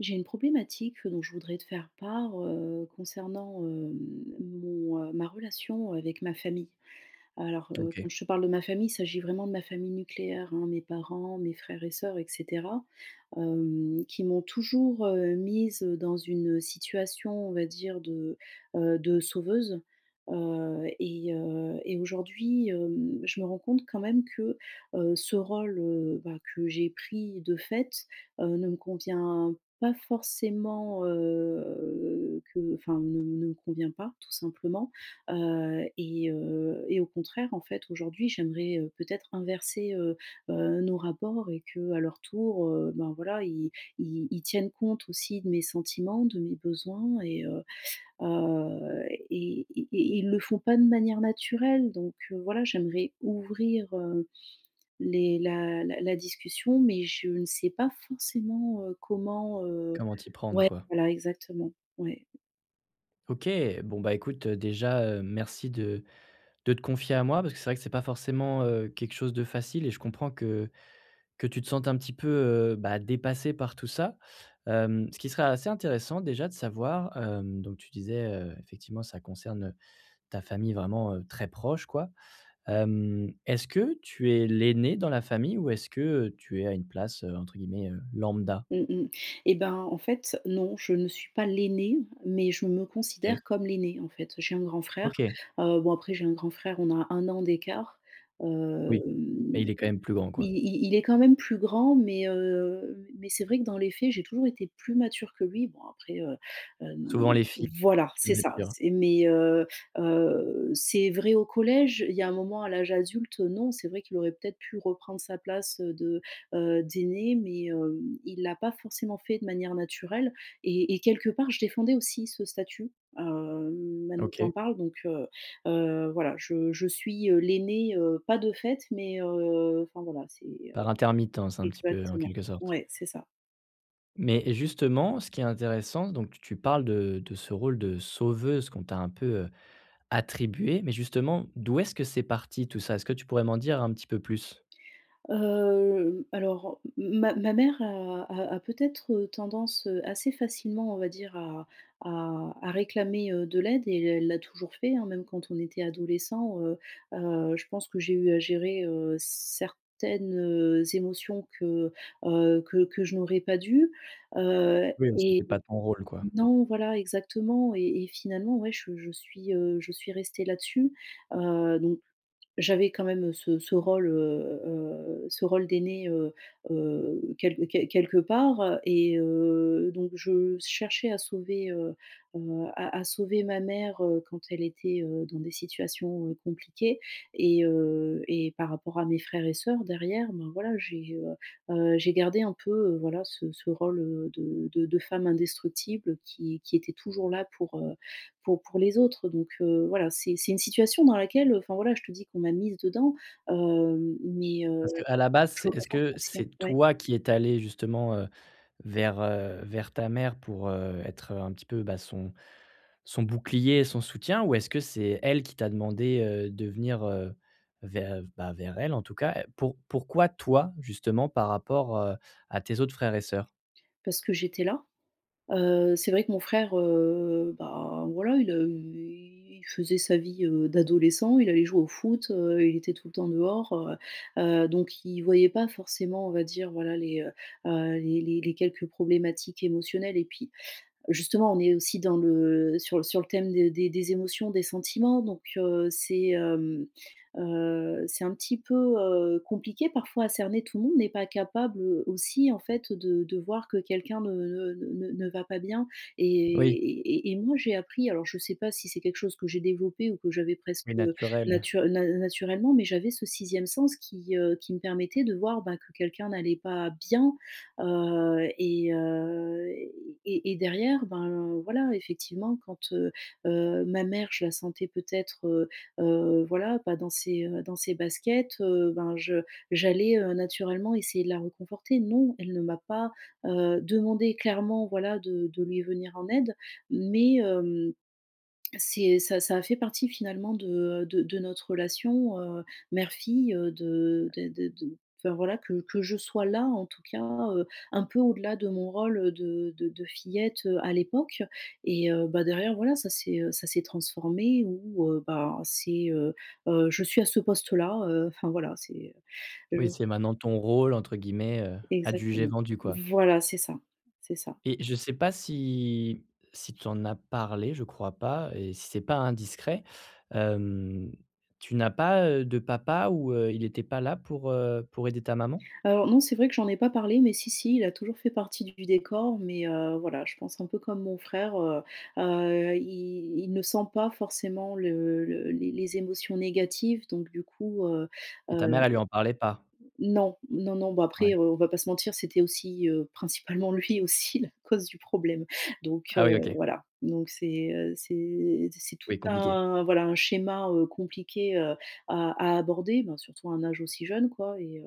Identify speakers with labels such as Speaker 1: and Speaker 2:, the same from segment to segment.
Speaker 1: J'ai une problématique dont je voudrais te faire part, heu, concernant, hem, mon, heu ma relation avec ma famille. Alors, heu,
Speaker 2: OK.
Speaker 1: quand je te parle de ma famille, il s'agit vraiment de ma famille nucléaire, hein -mes parents, mes frères et sœurs et cetera. Hem, qui m'ont toujours, heu, mise, heu, dans une situation, on va dire, de, heu, de sauveuse. Heu et heu et aujourd'hui, hem, je me rends compte quand même que, heu, ce rôle, heu, bah, que j'ai pris de fait, heu, ne me convient pas forcément, heu, que enfin, ne ne me convient pas, tout simplement. Heu et heu et au contraire, en fait, aujourd'hui j'aimerais, heu, peut-être inverser, heu heu, nos rapports et qu'à leur tour, heu, ben, voilà, ils ils ils tiennent compte aussi de mes sentiments, de mes besoins et heu heu et et et ils le font pas de manière naturelle. Donc voilà, j'aimerais ouvrir, heu, les la la la discussion mais je ne sais pas forcément, heu, comment, heu
Speaker 2: Comment t'y prendre,
Speaker 1: ouais,
Speaker 2: quoi.
Speaker 1: voilà, exactement, ouais.
Speaker 2: OK! Bon, bah, écoute déjà, heu, merci de de te confier à moi parce que c'est vrai que c'est pas forcément, heu, quelque chose de facile et je comprends que que tu te sentes un petit peu, heu, bah dépassée par tout ça. Hem, ce qui serait assez intéressant, déjà de savoir, heu donc tu disais, heu, effectivement ça concerne, heu, ta famille vraiment, heu, très proche, quoi. Hem, est-ce que tu es l'aînée dans la famille ou est-ce que, heu, tu es à une place, entre guillemets, heu, «lambda»?
Speaker 1: Mmh mmh. Et ben, en fait, non, je ne suis pas l'aînée mais je me
Speaker 2: OK.
Speaker 1: considère comme l'aînée, en fait. J'ai un grand frère,
Speaker 2: OK.
Speaker 1: heu bon après, j'ai un grand-frère, on a 1 an d'écart. Hem,
Speaker 2: Oui. Mais il est quand même plus grand,
Speaker 1: i
Speaker 2: quoi.
Speaker 1: i il est quand même plus grand mais, heu, mai mais c'est vrai que dans les faits, j'ai toujours été plus mature que lui bon après, heu, hem
Speaker 2: Souvent les filles
Speaker 1: voilà,
Speaker 2: oui,
Speaker 1: c'est
Speaker 2: c'est
Speaker 1: ça,
Speaker 2: sûr.
Speaker 1: c'est mais, heu heu, c'est vrai au collège, il y a un moment, à l'âge adulte, non, c'est vrai qu'il aurait peut-être pu reprendre sa place de, heu, d'aîné, mais, hem, il l'a pas forcément fait de manière naturelle et et quelque part, je défendais aussi ce statut, heu, maintenant que tu en
Speaker 2: Ok.
Speaker 1: parles donc, heu heu, voilà. Je je suis, heu, l'aînée, heu, pas de fait mais, heu enfin voilà, c'est, heu
Speaker 2: Par intermittence, un petit peu, en
Speaker 1: exactement.
Speaker 2: quelque sorte.
Speaker 1: Ouais, c'est ça.
Speaker 2: Mais et justement ce qui est intéressant donc tu tu parles de de ce rôle de sauveuse qu'on t'a un peu, heu, attribué, mais justement, d'où est-ce que c'est parti tout ça? Est-ce que tu pourrais m'en dire un petit peu plus?
Speaker 1: Hem, alors m m ma ma mère a a a peut-être, heu, tendance, heu, assez facilement, on va dire à à à réclamer, heu, de l'aide et elle l'a toujours fait, hein, même quand on était adolescents, heu heu, je pense que j'ai eu à gérer, heu, certaines, heu, émotions que, heu, que que je n'aurais pas dû. Heu,
Speaker 2: Oui, mais
Speaker 1: et
Speaker 2: c'était pas ton rôle, quoi.
Speaker 1: non voilà exactement et et finalement ouais je je suis, heu, je suis restée là-dessus, heu, donc j'avais quand même ce ce rôle, heu heu, ce rôle d'aînée, heu heu, quelq quel quelque part et heu, donc je s cherchais à sauver, heu heu, à à sauver ma mère, heu, quand elle était, heu, dans des situations, heu, compliquées et heu et par rapport à mes frères et sœurs derrière ben, voilà j'ai, heu heu, j'ai gardé un peu, heu, voilà, ce ce rôle, heu, de de de femme indestructible qui qui était toujours là pour, heu, pour pour les autres donc, heu, voilà c'est c'est une situation dans laquelle enfin voilà je te dis, qu'on m'a mise dedans, hem, mais, heu,
Speaker 2: Parce qu'à la base,
Speaker 1: je le
Speaker 2: c'est est-ce
Speaker 1: comprends
Speaker 2: que
Speaker 1: aussi hein,
Speaker 2: c'est
Speaker 1: ouais.
Speaker 2: toi qui es allée justement, heu, vers, heu, vers ta mère pour, heu, être un petit peu, bah, son son bouclier et son soutien, ou est-ce que c'est elle qui t'a demandé, heu, de venir, heu, ver bah, vers elle en tout cas? Pour pourquoi toi justement par rapport, heu, à tes autres frères et sœurs?
Speaker 1: Parce que j'étais là. Heu, c'est vrai que mon frère, heu, bah voilà, il a eu il faisait sa vie, heu, d'adolescent, il allait jouer au foot, heu, il était tout le temps dehors, heu heu, donc il voyait pas forcément on va dire voilà les, heu heu, les les les quelques problématiques émotionnelles et puis justement on est aussi dans le sur sur le thème de des des émotions, des sentiments, donc, heu, c'est, hem, heu, c'est un petit peu, heu, compliqué parfois à cerner, tout le monde n'est pas capable, heu, aussi en fait, de de voir que quelqu'un ne ne ne ne va pas bien et
Speaker 2: Oui.
Speaker 1: et et moi j'ai appris alors je sais pas si c'est quelque chose que j'ai développé ou que j'avais
Speaker 2: Plus
Speaker 1: presque, heu,
Speaker 2: naturel.
Speaker 1: natur na naturellement, mais j'avais ce 6e sens, qui, heu, qui me permettait de voir, bah, que quelqu'un n'allait pas bien, heu, et heu, et et derrière ben voilà, effectivement quand, heu heu, ma mère je la sentais peut-être, heu heu, voilà, pas dans ses, heu, dans ses baskets, heu, ben, je j'allais, heu, naturellement essayer de la réconforter. Non, elle ne m'a pas, heu, demandé clairement voilà de de lui venir en aide, mais, hem, c'est ça ça a fait partie finalement de, heu, de de notre relation, heu, mère-fille, heu, de de de de enfin voilà que que je sois là en tout cas, heu, un peu au-delà de mon rôle de de de fillette, heu, à l'époque et heu, bah derrière, voilà ça s'est, heu, ça s'est transformé où, heu, bah, c'est heu heu, je suis à ce poste-là, heu, enfin voilà c'est, je
Speaker 2: Oui, c'est maintenant ton «rôle» entre guillemets, heu, adjugé
Speaker 1: Exactement.
Speaker 2: vendu, quoi.
Speaker 1: Voilà c'est ça. C'est ça.
Speaker 2: Et je sais pas si si tu en as parlé- je crois pas- et si c'est pas indiscret, hem, tu n'as pas, heu, de papa ou, heu, il était pas là pour, heu, pour aider ta maman?
Speaker 1: Alors non c'est vrai que j'en ai pas parlé mais si, si, il a toujours fait partie du décor mais, heu, voilà, je pense un peu comme mon frère, heu heu, il il ne sent pas forcément le le les les émotions négatives, donc du coup, heu
Speaker 2: Et ta
Speaker 1: heu
Speaker 2: mère, elle lui en parlait pas?
Speaker 1: non. Non, non. Bon après,
Speaker 2: Ouais.
Speaker 1: heu, on va pas se mentir, c'était aussi, heu, principalement lui aussi la cause du problème. Donc, heu,
Speaker 2: Ah oui, OK.
Speaker 1: voilà, donc c'est, heu, c'est c'est c'est tout
Speaker 2: Oui, compliqué.
Speaker 1: un voilà un schéma, heu, compliqué, heu, à à aborder- bon surtout à un âge aussi jeune, quoi- et heu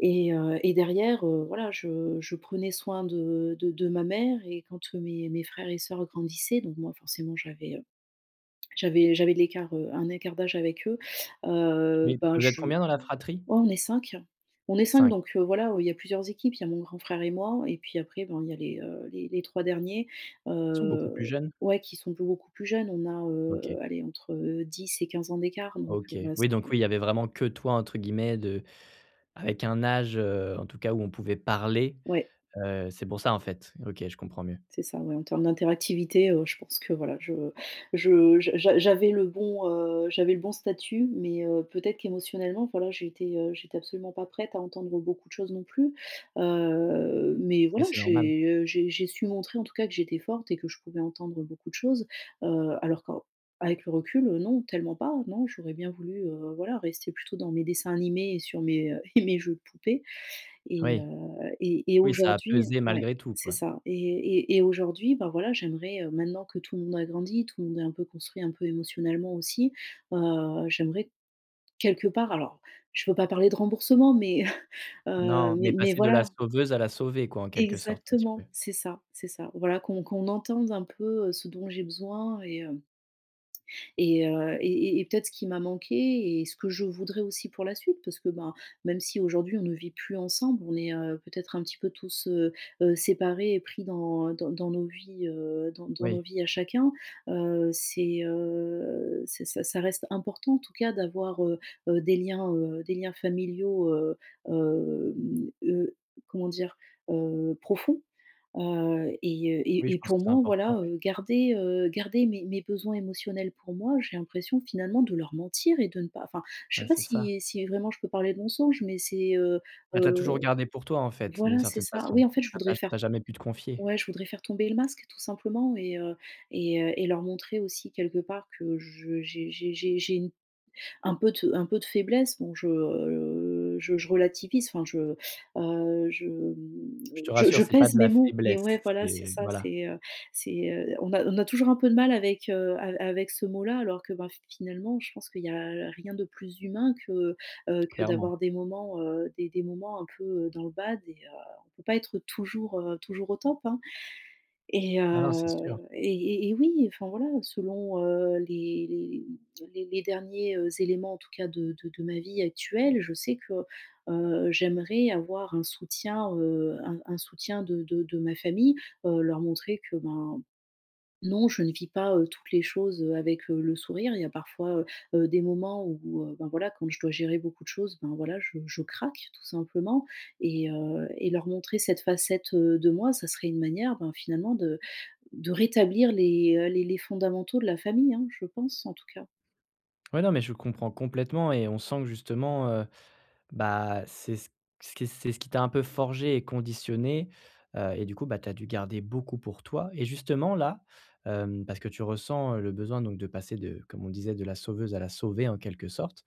Speaker 1: et heu, et derrière, heu, voilà je je prenais soin de de de ma mère et quand mes mes frères et sœurs grandissaient donc moi forcément j'avais, heu, j'avais j'avais de l'écart, heu, un écart d'âge avec eux. Heu,
Speaker 2: Oui, parce
Speaker 1: bah
Speaker 2: que vous êtes
Speaker 1: je ouais,
Speaker 2: combien dans la fratrie?
Speaker 1: on est 5 on est 5
Speaker 2: 5.
Speaker 1: donc, heu, voilà, il y a plusieurs équipes- il y a mon grand frère et moi et puis après bon il y a les, heu, les les 3 derniers,
Speaker 2: Ils sont beaucoup plus
Speaker 1: heu,
Speaker 2: jeunes?
Speaker 1: ouais, qui sont beaucoup plus jeunes, on a,
Speaker 2: OK.
Speaker 1: heu, allez entre 10 et 15 ans d'écart donc
Speaker 2: OK.
Speaker 1: voilà ce
Speaker 2: Oui
Speaker 1: que
Speaker 2: donc oui, il y avait vraiment que «toi» entre guillemets de avec un âge, heu, en tout cas où on pouvait parler,
Speaker 1: Ouais.
Speaker 2: heu, c'est pour ça, en fait. OK, je comprends mieux.
Speaker 1: C'est ça, ouais, en termes d'interactivité, heu, je pense que voilà je je j'a j'a j'avais le bon, heu, j'avais le bon statut, mais, heu, peut-être qu'émotionnellement, voilà, j'étais, heu, j'étais absolument pas prête à entendre, heu, beaucoup de choses non plus. Heu, mais
Speaker 2: Mais
Speaker 1: voilà,
Speaker 2: c'est normal.
Speaker 1: j'ai, heu, j'ai j'ai su montrer, en tout cas, que j'étais forte et que je pouvais entendre beaucoup de choses. Heu, alors qu'en avec le recul, heu, non, tellement pas, non, j'aurais bien voulu, heu, voilà rester plutôt dans mes dessins animés et sur mes, heu et mes jeux de poupées et heu,
Speaker 2: Oui.
Speaker 1: et et
Speaker 2: Oui, ça a
Speaker 1: aujourd'hui
Speaker 2: pesé,
Speaker 1: ouais
Speaker 2: malgré tout,
Speaker 1: c'est
Speaker 2: quoi.
Speaker 1: ça et et et aujourd'hui, bah voilà, j'aimerais, heu, maintenant que tout le monde a grandi, tout le monde est un peu construit un peu émotionnellement aussi, bah, j'aimerais quelque part, alors, je ne peux pas parler de remboursement, mais, heu,
Speaker 2: Non,
Speaker 1: mais
Speaker 2: mais
Speaker 1: mais
Speaker 2: passer de la
Speaker 1: voilà.
Speaker 2: sauveuse à la sauvée quoi, en quelque sorte un petit peu.
Speaker 1: Exactement. C'est ça. C'est ça. Voilà qu'on qu'on entende un peu, heu, ce dont j'ai besoin et hem et heu, et et et peut-être ce qui m'a manqué et ce que je voudrais aussi pour la suite parce que ben, même si aujourd'hui, on ne vit plus ensemble, on est, heu, peut-être un petit peu tous, heu heu, séparés et pris dans dans dans nos vies, heu, dans dans nos
Speaker 2: Oui.
Speaker 1: vies à chacun. Heu, c'est, heu, c'est ça ça reste important en tout cas d'avoir, heu heu, des liens, heu, des liens familiaux, heu, hem, heu, comment dire? Heu, profonds, heu et heu,
Speaker 2: Oui
Speaker 1: et
Speaker 2: je
Speaker 1: et
Speaker 2: pense
Speaker 1: pour
Speaker 2: que c'est
Speaker 1: moi
Speaker 2: important,
Speaker 1: voilà,
Speaker 2: ouais.
Speaker 1: heu, garder, heu, garder mes mes besoins émotionnels pour moi j'ai l'impression finalement de leur mentir et de ne pas enfin je
Speaker 2: Ouais,
Speaker 1: sais pas
Speaker 2: c'est ça.
Speaker 1: si si vraiment je peux parler de mensonge, mais c'est, heu
Speaker 2: Mais tu as toujours
Speaker 1: heu
Speaker 2: gardé pour toi en fait, d'une
Speaker 1: voilà c'est
Speaker 2: certaine
Speaker 1: ça,
Speaker 2: façon.
Speaker 1: oui, en fait, je
Speaker 2: Tu as pas
Speaker 1: voudrais
Speaker 2: tu
Speaker 1: faire
Speaker 2: as
Speaker 1: t
Speaker 2: jamais pu te confier.
Speaker 1: ouais, je voudrais faire tomber le masque tout simplement, et heu, et heu, et leur montrer aussi quelque part que je j'ai j'ai j'ai j'ai une un peu de un peu de faiblesse. Donc je, heu, je je relativise enfin je, heu, je, mmh,
Speaker 2: Je te
Speaker 1: je
Speaker 2: rassure,
Speaker 1: je
Speaker 2: c'est pas
Speaker 1: pèse
Speaker 2: de
Speaker 1: mes
Speaker 2: la
Speaker 1: mots, mais
Speaker 2: faiblesse,
Speaker 1: ouais, voilà c'est
Speaker 2: c'est
Speaker 1: ça,
Speaker 2: voilà.
Speaker 1: c'est, heu, c'est, heu, on a on a toujours un peu de mal avec, heu, av avec ce mot là. Alors que bah, finalement je pense qu'il y a rien de plus humain que, heu, que
Speaker 2: Clairement.
Speaker 1: d'avoir des moments, heu, des des moments un peu, heu, dans le bad. Et heu, on peut pas être toujours, heu, toujours au top, hein, et
Speaker 2: Ah non, c'est
Speaker 1: heu,
Speaker 2: sûr.
Speaker 1: et et et oui enfin voilà, selon, heu, les les les derniers, heu, éléments, en tout cas de de de ma vie actuelle, je sais que, heu, j'aimerais avoir un soutien, heu, un un soutien de de de ma famille, heu, leur montrer que ben non, je ne vis pas, heu, toutes les choses, heu, avec, heu, le sourire, il y a parfois, heu heu, des moments où, heu, ben voilà, quand je dois gérer beaucoup de choses, ben voilà, je je craque tout simplement, et heu, et leur montrer cette facette, heu, de moi, ça serait une manière, ben finalement de de rétablir les, heu, les les fondamentaux de la famille, hein. Je pense en tout cas.
Speaker 2: Ouais non, mais je comprends complètement et on sent que justement, heu, bah, c'est c c qu'est ce qui t'a un peu forgée et conditionnée, heu, et du coup, bah, t'as dû garder beaucoup pour toi, et justement là, hem, parce que tu ressens, heu, le besoin donc de passer de- comme on disait, de la sauveuse à la sauvée, en quelque sorte-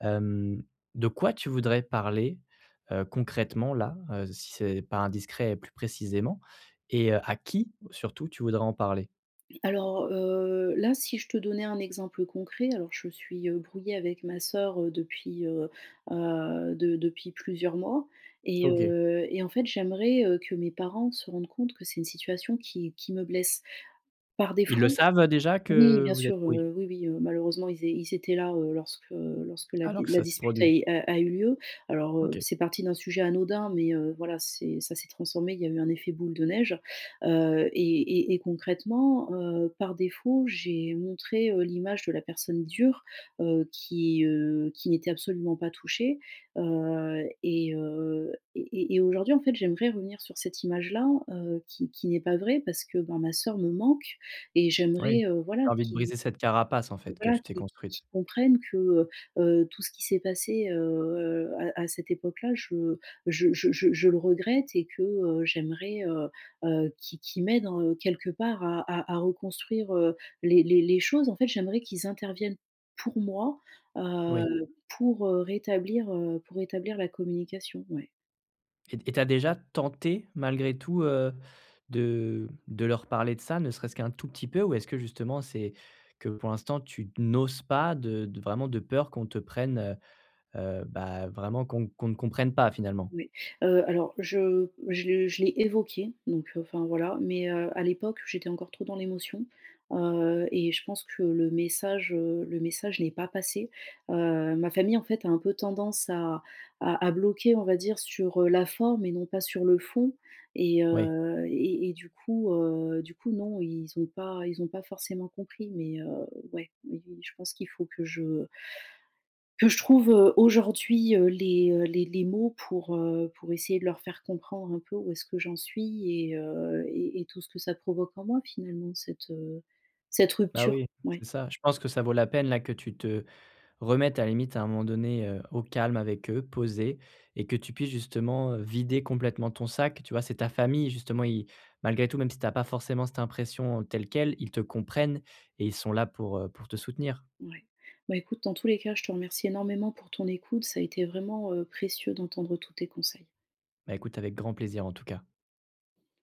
Speaker 2: hem, de quoi tu voudrais parler, heu, concrètement là, heu, si c'est pas indiscret et plus précisément et heu, à qui surtout tu voudrais en parler?
Speaker 1: Alors, heu, là, si je te donnais un exemple concret, alors je suis, heu, brouillée avec ma sœur, heu, depuis, heu heu, de depuis plusieurs mois et
Speaker 2: OK.
Speaker 1: heu, et en fait, j'aimerais, heu, que mes parents se rendent compte que c'est une situation qui qui me blesse par
Speaker 2: Ils le
Speaker 1: défaut
Speaker 2: savent déjà
Speaker 1: oui
Speaker 2: que
Speaker 1: bien
Speaker 2: vous êtes
Speaker 1: sûr,
Speaker 2: oui.
Speaker 1: heu, oui oui, heu, malheureusement ils é ils étaient là, heu, lorsque lorsque la
Speaker 2: Alors
Speaker 1: d
Speaker 2: que
Speaker 1: la
Speaker 2: ça s'est
Speaker 1: dispute
Speaker 2: produit.
Speaker 1: est a a eu lieu. Alors, heu,
Speaker 2: OK.
Speaker 1: c'est parti d'un sujet anodin mais, heu, voilà, c'est ça s'est transformé, il y a eu un effet boule de neige, heu, et et et concrètement, heu, par défaut, j'ai montré, heu, l'image de la personne dure, heu, qui, heu, qui n'était absolument pas touchée, heu, et heu, et et aujourd'hui, en fait, j'aimerais revenir sur cette image-là, heu, qui qui n'est pas vraie parce que ben ma sœur me manque et
Speaker 2: Oui, tu
Speaker 1: j'aimerais, heu, voilà,
Speaker 2: as envie de
Speaker 1: qui
Speaker 2: briser cette carapace, en fait, que
Speaker 1: voilà,
Speaker 2: tu t'es
Speaker 1: qu'ils qu'ils
Speaker 2: construite.
Speaker 1: qu'ils comprennent que, heu heu, tout ce qui s'est passé, heu, à à cette époque-la je je je je je le regrette et que, heu, j'aimerais, heu heu, qu'ils qu'ils m'aident en quelque part à à reconstruire, heu, les les les choses, en fait. J'aimerais qu'ils interviennent, pour moi, heu,
Speaker 2: Oui.
Speaker 1: pour rétablir, heu, pour rétablir la communication, ouais.
Speaker 2: Et t et tu as déjà tenté, malgré tout, heu, de de leur parler de ça, ne serait-ce qu'un tout petit peu, ou est-ce que justement c'est que, pour l'instant, tu d n'oses pas de de vraiment de peur qu'on te prenne, heu heu, bah, vraiment qu'on qu'on ne comprenne pas, finalement?
Speaker 1: Oui. Heu, alors je je le je l'ai évoqué, donc enfin, voilà, mais heu à l'époque j'étais encore trop dans l'émotion, heu et je pense que le message, heu, le message n'est pas passé. Heu, ma famille, en fait, a un peu tendance à à à bloquer, on va dire, sur, heu, la forme et non pas sur le fond et
Speaker 2: Oui.
Speaker 1: heu et et du coup, heu, du coup, non, ils ont pas ils ont pas forcément compris, mais, heu, ouais, mais je pense qu'il faut que je que je trouve, heu, aujourd'hui, heu, les, heu, les les mots pour, heu, pour essayer de leur faire comprendre un peu où est-ce que j'en suis et heu et et tout ce que ça provoque en moi, finalement, cette, heu, cette
Speaker 2: Bah
Speaker 1: rupture.
Speaker 2: oui! C'est
Speaker 1: Ouais.
Speaker 2: ça. Je pense que ça vaut la peine, là, que tu te remettes à la limite à un moment donné, heu, au calme avec eux, posés, et que tu puisses justement, heu, vider complètement ton sac, tu vois? C'est ta famille, justement, ils malgré tout, même si t'as pas forcément cette impression, heu, telle quelle, ils te comprennent et ils sont là pour, heu, pour te soutenir.
Speaker 1: Ouais. Bon, écoute, dans tous les cas je te remercie énormément pour ton écoute, ça a été vraiment, heu, précieux d'entendre tous tes conseils.
Speaker 2: Bah, écoute avec grand plaisir, en tout cas.